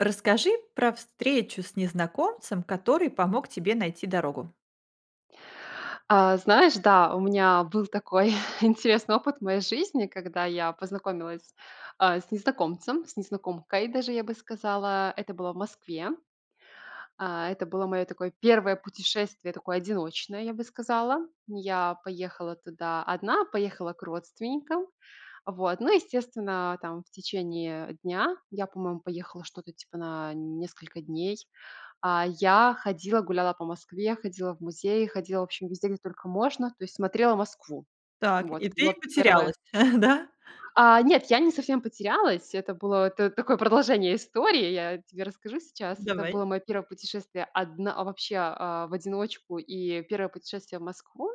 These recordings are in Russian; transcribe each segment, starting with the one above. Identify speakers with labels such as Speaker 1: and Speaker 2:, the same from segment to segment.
Speaker 1: Расскажи про встречу с незнакомцем, который помог тебе найти дорогу.
Speaker 2: А, знаешь, да, у меня был такой интересный опыт в моей жизни, когда я познакомилась, а, с незнакомцем, с незнакомкой даже, я бы сказала. Это было в Москве. А, это было моё такое 1 путешествие, такое одиночное, я бы сказала. Я поехала туда одна, поехала к родственникам. Вот, ну, естественно, а, там, в течение дня я, по-моему, поехала что-то типа на несколько дней. А, я ходила, гуляла по Москве, ходила в музеи, ходила вообще везде, где только можно, то есть смотрела Москву.
Speaker 1: Так,
Speaker 2: Вот
Speaker 1: и
Speaker 2: это
Speaker 1: ты
Speaker 2: было
Speaker 1: и
Speaker 2: 1
Speaker 1: потерялась, да?
Speaker 2: А, нет, я не совсем потерялась, это было т такое продолжение истории, я тебе расскажу сейчас. Это
Speaker 1: Давай.
Speaker 2: было моё 1 путешествие, одн вообще, а, в одиночку и 1 путешествие в Москву.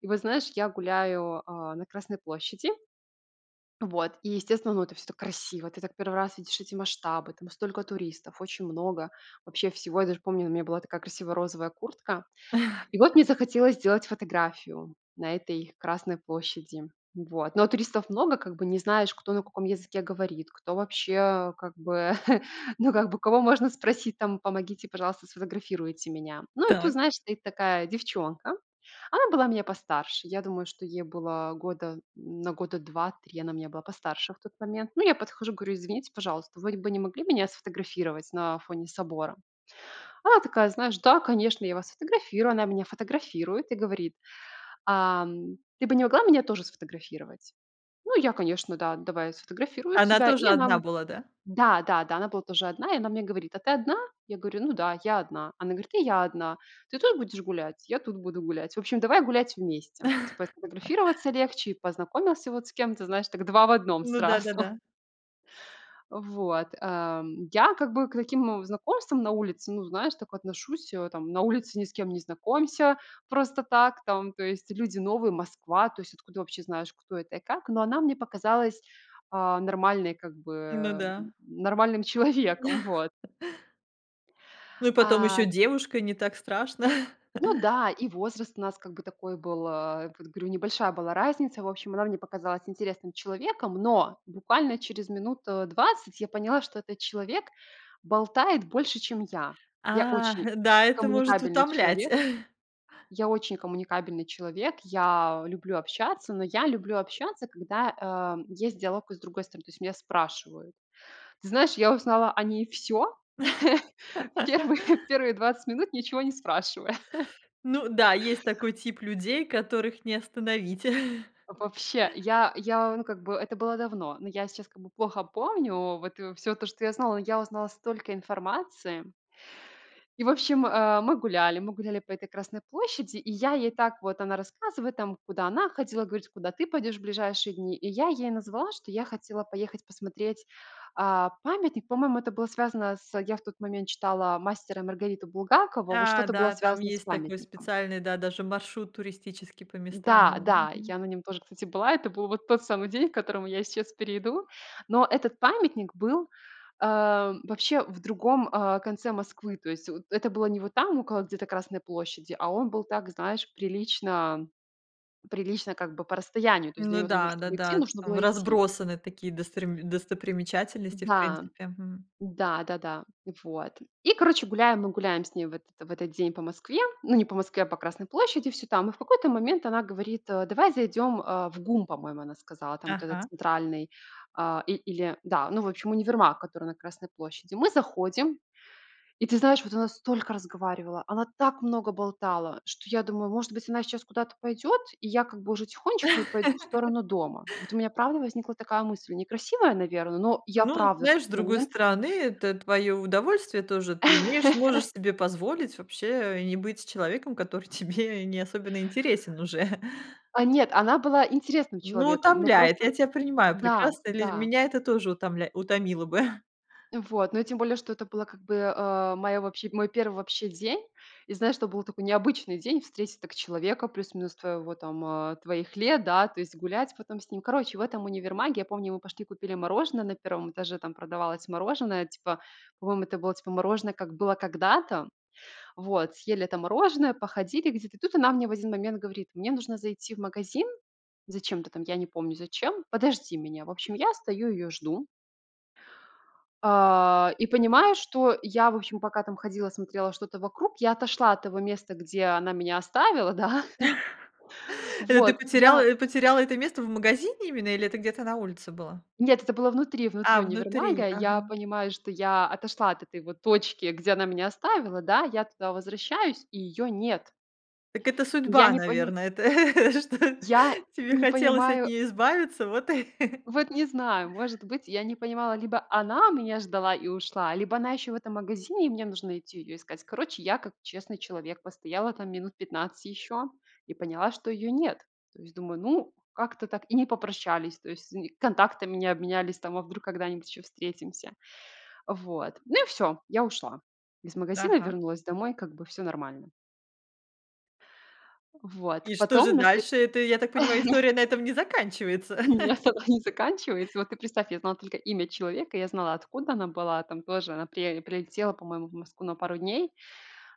Speaker 2: И вот, знаешь, я гуляю, а, на Красной площади вот, и естественно, ну, это всё так красиво. Ты так 1 раз видишь эти масштабы, там столько туристов, очень много вообще всего. Я даже помню, у меня была такая красивая розовая куртка. И вот мне захотелось сделать фотографию на этой Красной площади. Вот, но туристов много, как бы не знаешь, кто на каком языке говорит, кто вообще, э, как бы ну, как бы кого можно спросить там: "Помогите, пожалуйста, сфотографируйте меня". Ну, и тут,
Speaker 1: Так.
Speaker 2: знаешь, стоит такая девчонка, она была меня постарше. Я думаю, что ей было года на года 2-3 она меня была постарше в тот момент. Ну, я подхожу, говорю: "Извините, пожалуйста, вы бы не могли меня сфотографировать на фоне собора?" Она такая: "Знаешь, да, конечно, я вас сфотографирую". Она меня фотографирует и говорит: "Ам, ты бы не могла меня тоже сфотографировать?" Ну, я, конечно: "Да, давай я сфотографирую
Speaker 1: Она
Speaker 2: тебя". И
Speaker 1: тоже
Speaker 2: она,
Speaker 1: одна
Speaker 2: м
Speaker 1: была, да?
Speaker 2: Да-да-да. Она была тоже одна. И она мне говорит: "А ты одна?" Я говорю: "Ну да, я одна". Она говорит: "И я одна. Ты тут будешь гулять?" "Я тут буду гулять". В общем, давай гулять вместе. Типа сфотографироваться легче и познакомился вот с кем-то, знаешь, так два в одном
Speaker 1: Ну
Speaker 2: сразу.
Speaker 1: да-да-да.
Speaker 2: Вот, эм, я как бы к таким знакомствам на улице, ну, знаешь, так отношусь, э, там. На улице ни с кем не знакомься просто так. Там, то есть, люди новые, Москва. То есть откуда вообще знаешь, кто это и как? Но она мне показалась, а, нормальной как бы,
Speaker 1: Ну
Speaker 2: э,
Speaker 1: да.
Speaker 2: нормальным человеком, вот.
Speaker 1: Ну, и потом
Speaker 2: А
Speaker 1: ещё девушка- не так страшно.
Speaker 2: Ну да, и возраст у нас как бы такой был. А, этот говорю, небольшая была разница, в общем, она мне показалась интересным человеком, но буквально через минут, э, 20 я поняла, что этот человек болтает больше, чем я. Я
Speaker 1: Ах
Speaker 2: очень
Speaker 1: да, это может
Speaker 2: коммуникабельный
Speaker 1: утомлять.
Speaker 2: человек Я очень коммуникабельный человек. Я люблю общаться, но я люблю общаться, когда, а, есть диалог и с другой стороны, то есть меня спрашивают. Ты знаешь, я узнала о ней всё в первые, в первые 20 минут, ничего не спрашивая.
Speaker 1: Ну да, есть такой тип людей, которых не остановить.
Speaker 2: Вообще, я я, ну, как бы это было давно, но я сейчас как бы плохо помню, вот, и во всё то, что я знала, но я узнала столько информации И в общем, а, мы гуляли мы гуляли по этой Красной площади, и я ей так вот, она рассказывает там, куда она ходила, говорит, куда ты пойдешь в ближайшие дни. И я ей назвала, что я хотела поехать посмотреть, а, памятник. По-моему, это было связано с я в тот момент читала "Мастера и Маргариту" Булгакова. Вот
Speaker 1: А,
Speaker 2: что-то было
Speaker 1: да, там
Speaker 2: связано с
Speaker 1: есть такой
Speaker 2: памятником.
Speaker 1: специальный, да, даже маршрут туристический по местам, да,
Speaker 2: Да, да,
Speaker 1: мгм.
Speaker 2: я на нём тоже, кстати, была. Это был вот тот самый день, к которому я сейчас перейду. Но этот памятник был, а, вообще в другом, а, конце Москвы, то есть вот это было не вот там, около где-то Красной площади, а он был так, знаешь, прилично прилично как бы по расстоянию. То есть до
Speaker 1: Ну
Speaker 2: него там нуж
Speaker 1: да,
Speaker 2: чтоб идти,
Speaker 1: да-да,
Speaker 2: нужно
Speaker 1: там
Speaker 2: было идти.
Speaker 1: разбросаны такие дострим достопримечательности, в
Speaker 2: Да,
Speaker 1: принципе, м.
Speaker 2: да-да-да. Вот. И, короче, гуляем, мы гуляем с ней в этот в этот день по Москве, ну, не по Москве, а по Красной площади всё там, и в какой-то момент она говорит, э: "Давай зайдем, а, в ГУМ",- по-моему, она сказала. Там вот этот
Speaker 1: Ага.
Speaker 2: центральный, а, и или, да, ну, в общем, универмаг, который на Красной площади. Мы заходим, и ты знаешь, вот она столько разговаривала, она так много болтала, что я думаю: "Может быть, она сейчас куда-то пойдет, и я как бы уже тихонечко и пойду в сторону дома". Вот у меня, правда, возникла такая мысль, некрасивая, наверно, но я,
Speaker 1: Ну, вот
Speaker 2: правда, в
Speaker 1: знаешь, с
Speaker 2: тот
Speaker 1: другой
Speaker 2: момент
Speaker 1: стороны, это твоё удовольствие тоже, ты имеешь можешь себе позволить, вообще, и не быть с человеком, который тебе не особенно интересен уже.
Speaker 2: А, нет, она была интересным
Speaker 1: Ну,
Speaker 2: человеком, ну
Speaker 1: утомляет.
Speaker 2: просто
Speaker 1: Я тя принимаю
Speaker 2: да,
Speaker 1: прекрасно, люди
Speaker 2: да.
Speaker 1: меня это тоже утомля утомило бы.
Speaker 2: Вот, но и тем более, что это было как бы, а, моя вообще мой 1 вообще день. И знаешь, это был такой необычный день встретить так человека, плюс-минус твоего там, э, твоих лет, да, то есть, гулять потом с ним. Короче, в этом универмаге, я помню, мы пошли купили мороженое на 1 этаже, там продавалось мороженое типа, по-моему, это было типа мороженое "как было когда-то". Вот, съели это мороженое, походили где-то. И тут она мне в один момент говорит: "Мне нужно зайти в магазин". Зачем-то там, я не помню зачем. "Подожди меня". В общем, я стою её жду а, и понимаю, что я, в общем, пока там ходила смотрела что-то вокруг, я отошла от того места, где она меня оставила, да.
Speaker 1: Это ты
Speaker 2: Вот, я
Speaker 1: потеряла потеряла это место в магазине именно или это где-то на улице было?
Speaker 2: Нет, это было внутри внутри
Speaker 1: А, внутри,
Speaker 2: универмага. Я
Speaker 1: ага.
Speaker 2: понимаю, что я отошла от этой вот точки, где она меня оставила, да. Я туда возвращаюсь, и её нет.
Speaker 1: Так это
Speaker 2: И я
Speaker 1: судьба,
Speaker 2: не поним
Speaker 1: наверно это, что
Speaker 2: я
Speaker 1: тебе
Speaker 2: не
Speaker 1: хотелось от
Speaker 2: понимаю
Speaker 1: неё избавиться, вот и
Speaker 2: Вот не знаю. Может быть, я не понимала, либо она меня ждала и ушла, либо она ещё в этом магазине, и мне нужно идти её искать. Короче, я как честный человек постояла там минут 15 ещё и поняла, что её нет. То есть думаю: "Ну, как-то так и не попрощались, то есть нь контактами не обменялись там, а вдруг когда-нибудь ещё встретимся?" Вот, ну, и всё. Я ушла из магазина и
Speaker 1: Ага.
Speaker 2: вернулась домой. Как бы всё нормально. Вот,
Speaker 1: И что же
Speaker 2: потом на след
Speaker 1: дальше? Это, я так понимаю, история на этом не заканчивается.
Speaker 2: Нет, она не заканчивается. Вот ты представь, я знала только имя человека, я знала откуда она была. Там тоже она при прилетела, по-моему, в Москву на пару дней.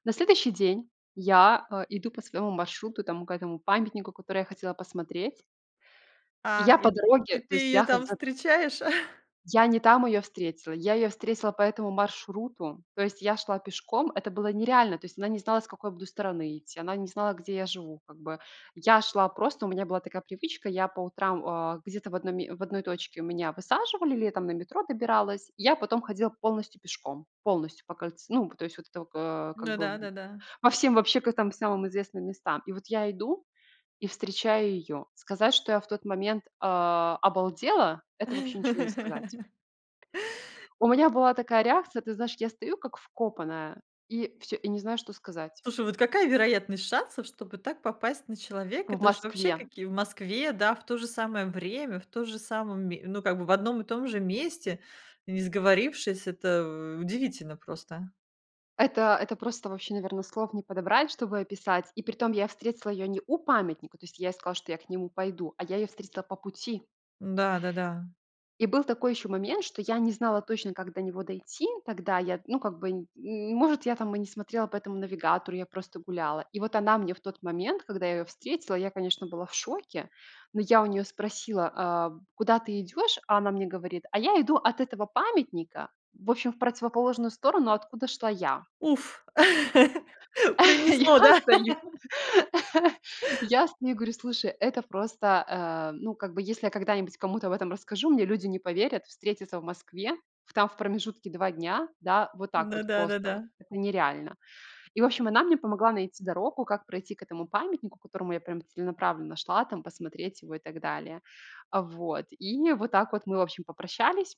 Speaker 2: На следующий день я, э, иду по своему маршруту, там к этому памятнику, который я хотела посмотреть.
Speaker 1: А,
Speaker 2: Я по
Speaker 1: и
Speaker 2: дороге,
Speaker 1: и
Speaker 2: то
Speaker 1: ты
Speaker 2: есть
Speaker 1: её
Speaker 2: я.
Speaker 1: там
Speaker 2: [unintelligible]
Speaker 1: встречаешь?
Speaker 2: Я не там ее встретила. Я ее встретила по этому маршруту. То есть я шла пешком. Это было нереально. То есть она не знала, с какой я буду стороны идти. Она не знала, где я живу как бы. Я шла просто, у меня была такая привычка, я по утрам, э, где-то в одной ме в одной точке меня высаживали, летом на метро добиралась, я потом ходила полностью пешком. Полностью по кольце ну то есть, вот это вот, э, как
Speaker 1: Ну да,
Speaker 2: бы.
Speaker 1: да-да.
Speaker 2: По всем вообще к там самым известным местам. И вот я иду и встречаю ее. Сказать, что я в тот момент, э, обалдела, это вообще ничего не сказать. У меня была такая реакция. Ты знаешь, я стою как вкопанная и всё и не знаю, что сказать.
Speaker 1: Слушай, какая вероятность шансов, чтобы так попасть на человека?
Speaker 2: В
Speaker 1: Это же вообще
Speaker 2: Москве!
Speaker 1: какие в Москве, да, в то же самое время, в тоже самом ме ну, как бы в одном и том же месте, не сговорившись. Это удивительно просто!
Speaker 2: Это, это просто вообще, наверное, слов не подобрать, чтобы описать. И притом, я встретила её не у памятника, то есть я ей сказала, что я к нему пойду, а я её встретила по пути.
Speaker 1: Да-да-да.
Speaker 2: И был такой ещё момент, что я не знала точно, как до него дойти. Тогда я, ну, как бы, и может, я там и не смотрела по этому навигатору, я просто гуляла. И вот она мне в тот момент, когда я ее встретила, я, конечно, была в шоке, но я у нее спросила: "Э, куда ты идешь?" А она мне говорит: "А я иду от этого памятника", в общем, в противоположную сторону, откуда шла я.
Speaker 1: Уф! Принесло,
Speaker 2: Я
Speaker 1: да?
Speaker 2: стою, я стою и говорю: "Слушай, это просто, э, ну, как бы, если я когда-нибудь кому-то об этом расскажу, мне люди не поверят: встретиться в Москве, в там в промежутке 2 дня. Да, вот так
Speaker 1: Ну
Speaker 2: вот просто вот-
Speaker 1: да-да-да.
Speaker 2: это нереально". И, в общем, она мне помогла найти дорогу, как пройти к этому памятнику, к которому я прям целенаправленно шла, там, посмотреть его и так далее, а, вот. И вот так вот мы, в общем, попрощались.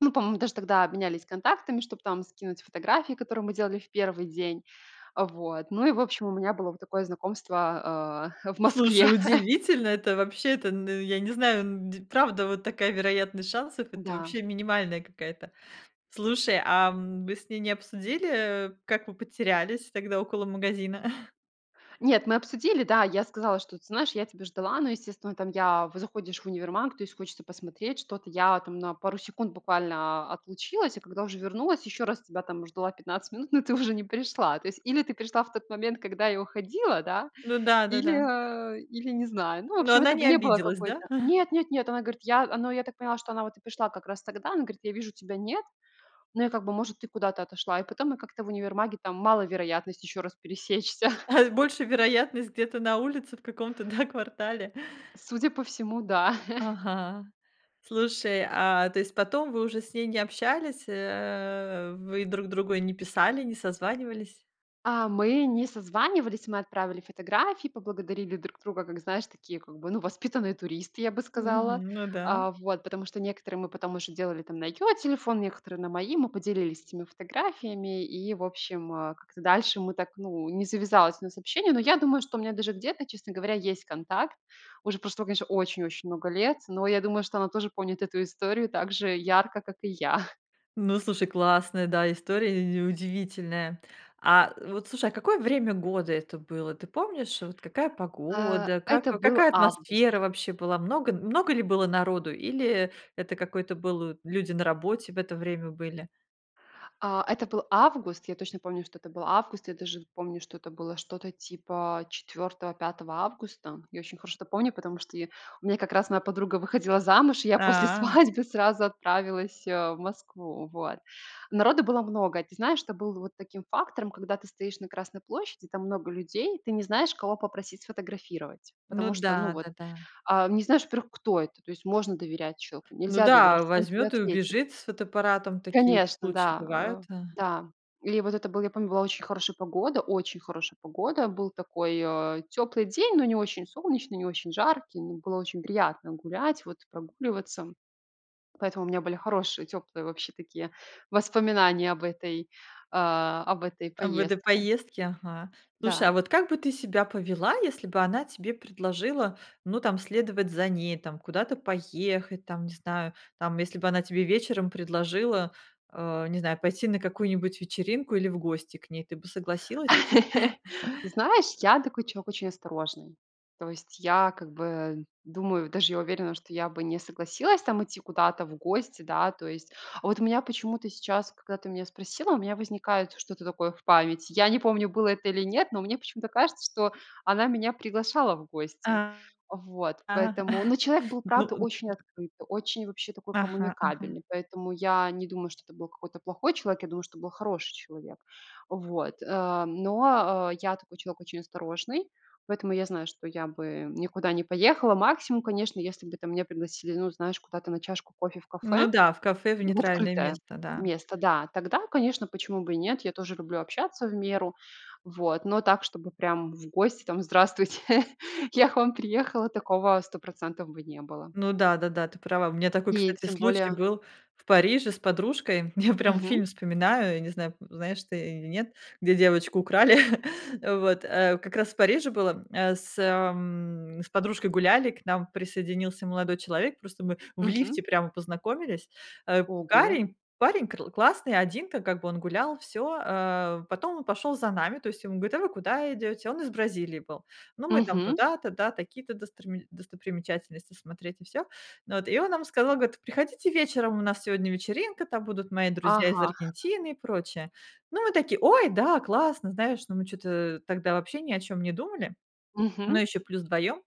Speaker 2: Ну, по-моему, даже тогда обменялись контактами, чтобы там скинуть фотографии, которые мы делали в 1 день. Вот, ну и в общем у меня было вот такое знакомство, а, в Москве.
Speaker 1: Слушай, удивительно это вообще! Это, ну, я не знаю, ну, де правда вот такая вероятность шансов, это
Speaker 2: Да.
Speaker 1: вообще минимальная какая-то. Слушай, а вы с ней не обсудили, как вы потерялись тогда около магазина?
Speaker 2: Нет, мы обсудили, да, я сказала, что, ты знаешь, я тебя ждала, но, естественно, там я, в заходишь в универмаг, то есть хочется посмотреть что-то. Я там на пару секунд буквально отлучилась, а когда уже вернулась, ещё раз тебя там ждала 15 минут, но ты уже не пришла. То есть или ты пришла в тот момент, когда я уходила, да,
Speaker 1: Ну
Speaker 2: или,
Speaker 1: да-да-да.
Speaker 2: э, или не знаю. Ну в
Speaker 1: Но
Speaker 2: общем,
Speaker 1: она
Speaker 2: это б
Speaker 1: не
Speaker 2: не было
Speaker 1: обиделась, да?
Speaker 2: какой-то Нет-нет-нет. Она говорит: "Я" а, ну я так поняла, что она вот и пришла как раз тогда. Она говорит: "Я вижу тебя нет, но я как бы, может, ты куда-то отошла". И потом мы как-то в универмаге там мало вероятность ещё раз пересечься.
Speaker 1: Больше вероятность где-то на улице в каком-то, да, квартале?
Speaker 2: Судя по всему, да.
Speaker 1: Ага. Слушай, а то есть потом вы уже с ней не общались, э вы друг другу не писали, не созванивались?
Speaker 2: А, мы не созванивались. Мы отправили фотографии, поблагодарили друг друга, как знаешь, такие, как бы, ну воспитанные туристы, я бы сказала.
Speaker 1: Мгм, ну да.
Speaker 2: А, вот, потому что некоторые мы потом уже делали на её телефон, некоторые на мои, мы поделились этими фотографиями и, в общем, э, как-то дальше мы так ну, не завязалось у нас общение. Но я думаю, что у меня даже где-то, честно говоря, есть контакт. Уже прошло, конечно, очень-очень много лет, но я думаю, что она тоже помнит эту историю так же ярко, как и я.
Speaker 1: Ну, слушай, классная, да, история, э и удивительная. А вот слушай, какое время года это было? Ты помнишь, вот какая
Speaker 2: А,
Speaker 1: погода, как
Speaker 2: это был
Speaker 1: какая
Speaker 2: август.
Speaker 1: атмосфера вообще была? Много много ли было народу или это какой-то был люди на работе в это время были?
Speaker 2: А, это был август. Я точно помню, что это был август. Я даже помню, что это было что-то типа 4-го, 5-го августа. Я очень хорошо это помню, потому что я у меня как раз моя подруга выходила замуж, и я после
Speaker 1: А.
Speaker 2: свадьбы сразу отправилась, э, в Москву, вот. Народу было много. И ты знаешь, что был вот таким фактором: когда ты стоишь на Красной площади, там много людей и ты не знаешь, кого попросить сфотографировать.
Speaker 1: Ну
Speaker 2: Потому что, ну
Speaker 1: да,
Speaker 2: вот,
Speaker 1: да-да.
Speaker 2: а, не знаешь, во-первых, кто это, то есть можно доверять человеку,
Speaker 1: Ну
Speaker 2: нельзя доверять,
Speaker 1: да,
Speaker 2: что он тебе
Speaker 1: возьмёт и
Speaker 2: ответит.
Speaker 1: убежит с фотоаппаратом. Такие
Speaker 2: Конечно,
Speaker 1: случаи
Speaker 2: да,
Speaker 1: бывают,
Speaker 2: э
Speaker 1: а
Speaker 2: да. Или вот это был я помню, была очень хорошая погода очень хорошая погода. Был такой, э, тёплый день, но не очень солнечный, не очень жаркий. М, было очень приятно гулять, вот, прогуливаться. Поэтому у меня были хорошие, тёплые, вообще такие воспоминания об этой, а, об этой
Speaker 1: В этой
Speaker 2: поездке.
Speaker 1: поездке? Ага. Слушай, а
Speaker 2: Да.
Speaker 1: вот как бы ты себя повела, если бы она тебе предложила, ну там, следовать за ней, там, куда-то поехать, там, не знаю? Там, если бы она тебе вечером предложила, а, не знаю, пойти на какую-нибудь вечеринку или в гости к ней, ты бы согласилась?
Speaker 2: Знаешь, я такой человек очень осторожный. То есть я, как бы, думаю, даже я уверена, что я бы не согласилась там идти куда-то в гости, да. То есть, а вот у меня почему-то сейчас, когда ты меня спросила, у меня возникает что-то такое в памяти. Я не помню, было это или нет, но мне почему-то кажется, что она меня приглашала в гости.
Speaker 1: А.
Speaker 2: Вот.
Speaker 1: Ага,
Speaker 2: Поэтому, ну, человек был
Speaker 1: ну,
Speaker 2: правда
Speaker 1: э, н
Speaker 2: очень открытый, очень вообще такой
Speaker 1: Ага, ага.
Speaker 2: коммуникабельный, поэтому я не думаю, что это был плохой человек. Я думаю, что это был хороший человек. Вот, э, но, э, я такой человек очень осторожный. Поэтому я знаю, что я бы никуда не поехала. Максимум, конечно, если бы, там, меня пригласили, ну, знаешь, куда-то на чашку кофе в
Speaker 1: Ну
Speaker 2: кафе
Speaker 1: да, в кафе, в
Speaker 2: В
Speaker 1: нейтральное
Speaker 2: открытое
Speaker 1: место, да.
Speaker 2: место, да. Тогда, конечно, почему бы и нет. Я тоже люблю общаться в меру. Вот. Но так, чтобы прям в гости там: "Здравствуйте, я к вам приехала". Такого 100 % бы не было.
Speaker 1: Ну да-да-да, ты права. У меня такой,
Speaker 2: И
Speaker 1: кстати,
Speaker 2: тем
Speaker 1: случай
Speaker 2: более
Speaker 1: был в Париже с подружкой. Я прям
Speaker 2: Мгм.
Speaker 1: фильм вспоминаю, я не знаю, знаешь ты или нет, где девочку украли, вот, э Как раз в Париже было, э, с м С подружкой гуляли, к нам присоединился молодой человек. Просто мы в
Speaker 2: Мгм.
Speaker 1: лифте прямо познакомились. Э,
Speaker 2: Ого.
Speaker 1: парень парень кр классный, один ка как бы он гулял, всё. Э, потом он пошёл за нами, то есть ему говорит: "А вы куда идете?" Он из Бразилии был. Ну, мы там
Speaker 2: Мгм.
Speaker 1: туда-то, да, такие-то досторми достопримечательности смотреть и всё. Ну вот, и он нам сказал, говорит: "Приходите вечером, у нас сегодня вечеринка, там будут мои друзья из
Speaker 2: Ага.
Speaker 1: Аргентины и прочее". Ну, мы такие: "Ой, да, классно", знаешь, но мы чё-то, э, тогда вообще ни о чём не думали. Ну,
Speaker 2: Мгм.
Speaker 1: ещё плюс вдвоём.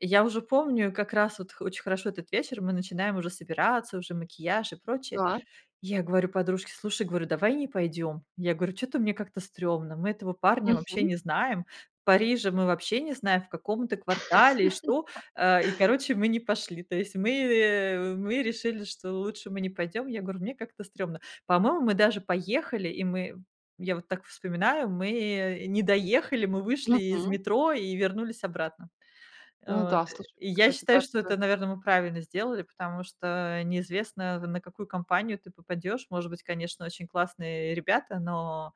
Speaker 1: Я уже помню как раз вот хо очень хорошо этот вечер: мы начинаем уже собираться, уже макияж и прочее.
Speaker 2: Да.
Speaker 1: Я говорю подружке: "Слушай". Говорю: "Давай не пойдём". Я говорю: "Чё-то мне как-то стрёмно, мы этого парня вообще
Speaker 2: Мгм.
Speaker 1: не знаем, Парижа мы вообще не знаем, в каком это квартале и что", а, и короче, мы не пошли. То есть мы, э, мы решили, что лучше мы не пойдём. Я говорю: "Мне как-то стрёмно". По-моему, мы даже поехали, и мы я вот так вспоминаю, мы не доехали, мы вышли из
Speaker 2: Мгм.
Speaker 1: метро и вернулись обратно.
Speaker 2: Ну
Speaker 1: Вот.
Speaker 2: да, слушай,
Speaker 1: И
Speaker 2: к к
Speaker 1: я
Speaker 2: кается
Speaker 1: считаю, что
Speaker 2: так-то.
Speaker 1: это, наверно, мы правильно сделали, потому что, э, неизвестно, на какую компанию ты попадёшь. Может быть, конечно, очень классные ребята, но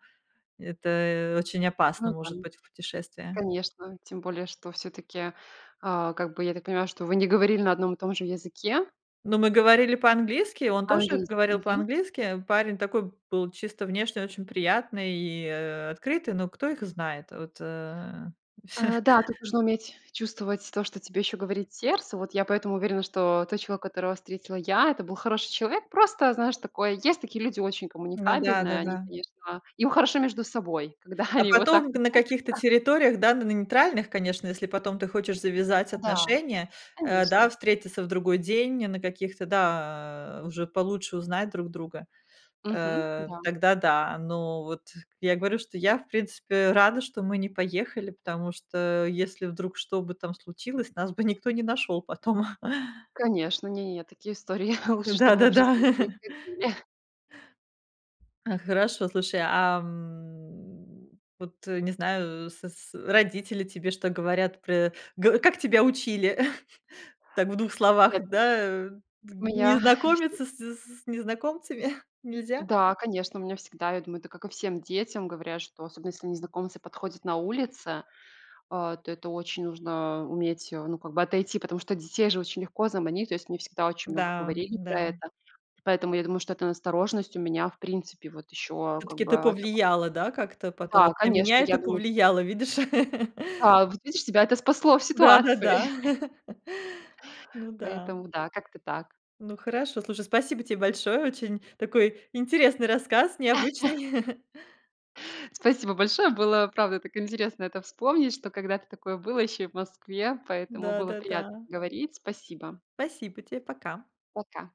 Speaker 1: это очень опасно может
Speaker 2: Мгм.
Speaker 1: быть в путешествии.
Speaker 2: Конечно. Тем более что всё-таки, а, как бы, я так понимаю, что вы не говорили на одном и том же языке?
Speaker 1: Ну мы говорили по-английски, и он тоже
Speaker 2: По-английски,
Speaker 1: говорил
Speaker 2: мгм.
Speaker 1: по-английски. Парень такой был чисто внешне очень приятный и, э, открытый, но кто их знает? Вот, э
Speaker 2: А, да, тут нужно уметь чувствовать то, что тебе ещё говорит сердце. Вот я поэтому уверена, что тот человек, которого встретила я,- это был хороший человек. Просто, знаешь, такое есть такие люди очень
Speaker 1: Ну да,
Speaker 2: коммуникабельные.
Speaker 1: да,
Speaker 2: Они,
Speaker 1: да.
Speaker 2: конечно им хорошо между собой, когда
Speaker 1: А
Speaker 2: они вот так
Speaker 1: потом на каких-то
Speaker 2: находятся.
Speaker 1: территориях, да, н на нейтральных, конечно, если потом ты хочешь завязать
Speaker 2: Да.
Speaker 1: отношения, э, да,
Speaker 2: Конечно.
Speaker 1: встретиться в другой день, на каких-то, да Уже получше узнать друг друга,
Speaker 2: Мгм,
Speaker 1: э,
Speaker 2: да.
Speaker 1: тогда да. Но вот я говорю, что я, в принципе, рада, что мы не поехали, потому что если вдруг что бы там случилось, нас бы никто не нашёл потом.
Speaker 2: Конечно, не-не-не, такие истории лучше, чтобы в
Speaker 1: Да-да-да.
Speaker 2: жизни не происходили.
Speaker 1: А, хорошо, слушай, а, м, вот, не знаю, с с родители тебе что говорят про Г Как тебя учили? Так в 2 словах,
Speaker 2: Ехать
Speaker 1: да, э, т
Speaker 2: У
Speaker 1: не
Speaker 2: меня есть ну
Speaker 1: знакомиться с с с незнакомцами? Нельзя?
Speaker 2: Да, конечно, у меня всегда, я думаю, это как и всем детям, говорят, что особенно, если незнакомцы подходят на улице, э, то это очень нужно, э, уметь, э, ну как бы, отойти. Потому что детей же очень легко заманить. То есть мне всегда очень много
Speaker 1: Да,
Speaker 2: говорили про
Speaker 1: да.
Speaker 2: это. Поэтому я думаю, что эта настороженность у меня, в принципе, вот ещё, э, как
Speaker 1: Всё-таки
Speaker 2: бы
Speaker 1: это
Speaker 2: от того, что
Speaker 1: повлияло, да, как-то потом?
Speaker 2: Да,
Speaker 1: Вот на
Speaker 2: конечно.
Speaker 1: меня
Speaker 2: Я
Speaker 1: это
Speaker 2: думаю
Speaker 1: повлияло, видишь?
Speaker 2: Да, вот видишь, тебя это спасло в ситуации.
Speaker 1: Да-да-да. Ну да.
Speaker 2: Поэтому, да, как-то так.
Speaker 1: Ну хорошо. Слушай, спасибо тебе большое. Очень такой интересный рассказ, необычный.
Speaker 2: Спасибо большое. Было, правда, так интересно это вспомнить, что когда-то такое было, ещё и в Москве. Поэтому
Speaker 1: Да,
Speaker 2: было
Speaker 1: да,
Speaker 2: приятно
Speaker 1: да.
Speaker 2: поговорить. Спасибо.
Speaker 1: Спасибо те, пока.
Speaker 2: Пока.